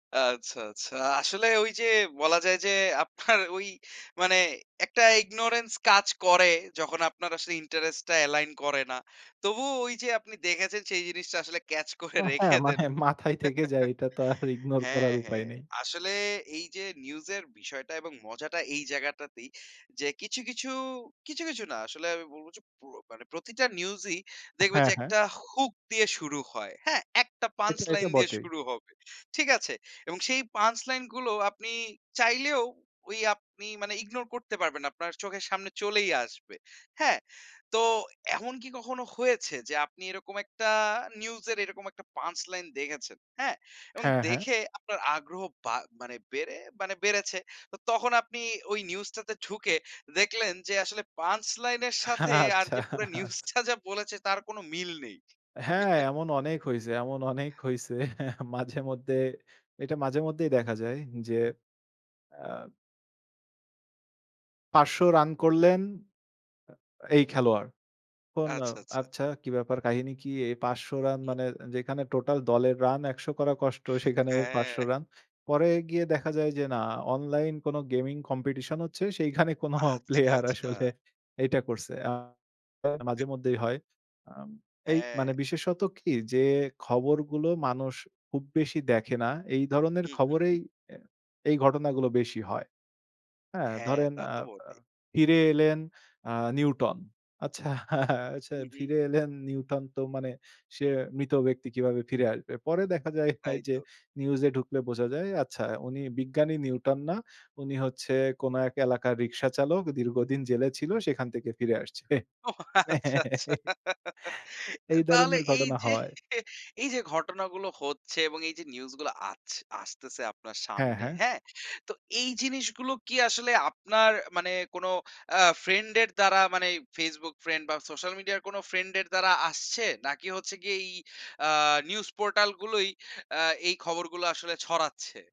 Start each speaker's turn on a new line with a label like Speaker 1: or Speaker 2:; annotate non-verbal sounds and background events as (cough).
Speaker 1: আচ্ছা, আচ্ছা। আসলে ওই যে বলা যায় যে আপনার ওই মানে একটা ইগনোরেন্স কাজ করে যখন আপনার আসলে ইন্টারেস্ট টা এলাইন করে না। তবুও ওই যে আপনি দেখেছেন সেই জিনিসটা আসলে ক্যাচ করে
Speaker 2: আহ, হ্যাঁ
Speaker 1: রেখে দেন
Speaker 2: মানে মাথায় থেকে যায়
Speaker 1: (chuckles)
Speaker 2: এটা তো আর ইগনোর
Speaker 1: হ্যাঁ,
Speaker 2: করার উপায়
Speaker 1: হ্যাঁ।
Speaker 2: নেই।
Speaker 1: আসলে এই যে নিউজ এর বিষয়টা এবং মজাটা এই জায়গাটাতেই যে কিছু, কিছু, কিছু, কিছু, না আসলে আমি বলব যে প্র মানে প্রতিটা নিউজই দেখবে
Speaker 2: হ্যাঁ,
Speaker 1: যে
Speaker 2: হ্যাঁ।
Speaker 1: একটা হুক দিয়ে শুরু হয়, হ্যাঁ? একটা পাঞ্চ
Speaker 2: এটা এটা,
Speaker 1: লাইন দিয়ে
Speaker 2: বটেই।
Speaker 1: শুরু হবে, ঠিক আছে? এবং সেই পাঞ্চ লাইন গুলো আপনি চাইলেও ওই আপনি মানে ইগনোর করতে পারবেন না। আপনার চোখের সামনে চলেই আসবে, হ্যাঁ? তো এমন কি কখনো হয়েছে যে আপনি এরকম একটা নিউজ এর এরকম একটা পাঞ্চ লাইন দেখেছেন, হ্যাঁ? এবং
Speaker 2: হ্যাঁ, হ্যাঁ।
Speaker 1: দেখে আপনার আগ্রহ বা মানে বেড়ে মানে বেড়েছে। তো তখন আপনি ওই নিউজ টাতে ঢুকে দেখলেন যে আসলে পাঞ্চ লাইন এর সাথে আর
Speaker 2: আচ্ছা
Speaker 1: যে পুরো নিউজ
Speaker 2: আছ
Speaker 1: টা যা বলেছে তার কোন মিল নেই।
Speaker 2: হ্যাঁ
Speaker 1: (chuckles)
Speaker 2: এমন অনেক হইছে এমন অনেক হইছে (chuckles) মাঝে মধ্যে এইটা মাঝে মধ্যেই দেখা যায় যে আ ৫০০ রান করলেন আ এই খেলোয়াড়। ফোন ও
Speaker 1: আচ্ছা, আচ্ছা।
Speaker 2: আচ্ছা কি ব্যাপার কাহিনী কি? এই ৫০০ রান
Speaker 1: হু,
Speaker 2: মানে?
Speaker 1: হু।
Speaker 2: যেখানে টোটাল দলের রান ১০০ করা কষ্ট সেখানে এর ৫০০
Speaker 1: হ্যাঁ।
Speaker 2: রান। পরে গিয়ে দেখা যায় যে না অনলাইন কোন গেমিং কম্পিটিশন হচ্ছে, সেইখানে কোন
Speaker 1: আচ্ছা,
Speaker 2: প্লেয়ার
Speaker 1: আচ্ছা।
Speaker 2: আসলে এইটা করছে। আ (unintelligible)
Speaker 1: (unintelligible)
Speaker 2: মাঝেমধ্যেই হয়। আ এই মানে
Speaker 1: হ্যাঁ।
Speaker 2: বিশেষত কি যে খবরগুলো মানুষ খুব বেশি দেখে না এই ধরনের
Speaker 1: হু, হু।
Speaker 2: খবরেই এ এই ঘটনাগুলো বেশি হয়। হ্যাঁ
Speaker 1: হ্যাঁ,
Speaker 2: ধরেন
Speaker 1: তা
Speaker 2: আ
Speaker 1: তো
Speaker 2: আ
Speaker 1: বটেই।
Speaker 2: ফিরে এলেন আ নিউটন। আচ্ছা আচ্ছা
Speaker 1: হু, হু।
Speaker 2: ফিরে এলেন নিউটন তো মানে সে মৃত ব্যক্তি কিভাবে ফিরে আসবে? পরে দেখা যায় হে
Speaker 1: তাই
Speaker 2: যে
Speaker 1: তো।
Speaker 2: নিউজ এ ঢুকলে বোঝা যায় আচ্ছা উনি বিজ্ঞানী নিউটন না, উনি হচ্ছে কোন এক এলাকার রিকশা চালক দীর্ঘদিন জেলে ছিল, সেখান থেকে ফিরে আসছে।
Speaker 1: ও আচ্ছা, আচ্ছা।
Speaker 2: (chuckles)
Speaker 1: আ
Speaker 2: এই
Speaker 1: তাহলে
Speaker 2: ধরনের
Speaker 1: এই
Speaker 2: ঘটনা
Speaker 1: যে
Speaker 2: হয়।
Speaker 1: (chuckles) এই যে ঘটনাগুলো হচ্ছে এবং এই যে নিউজ গুলো আছ আসতেছে আপনার
Speaker 2: হ্যাঁ,
Speaker 1: সামনে,
Speaker 2: হ্যাঁ।
Speaker 1: হ্যাঁ? তো এই জিনিসগুলো কি আসলে আপনার মানে কোন অ্যা ফ্রেন্ড এর দ্বারা মানে Facebook ফ্রেন্ড বা সোশ্যাল মিডিয়া কোন ফ্রেন্ড এর দ্বারা আসছে? নাকি হচ্ছে গিয়ে এই আ নিউজ পোর্টাল গুলোই আ এই খবরগুলো আসলে ছড়াচ্ছে?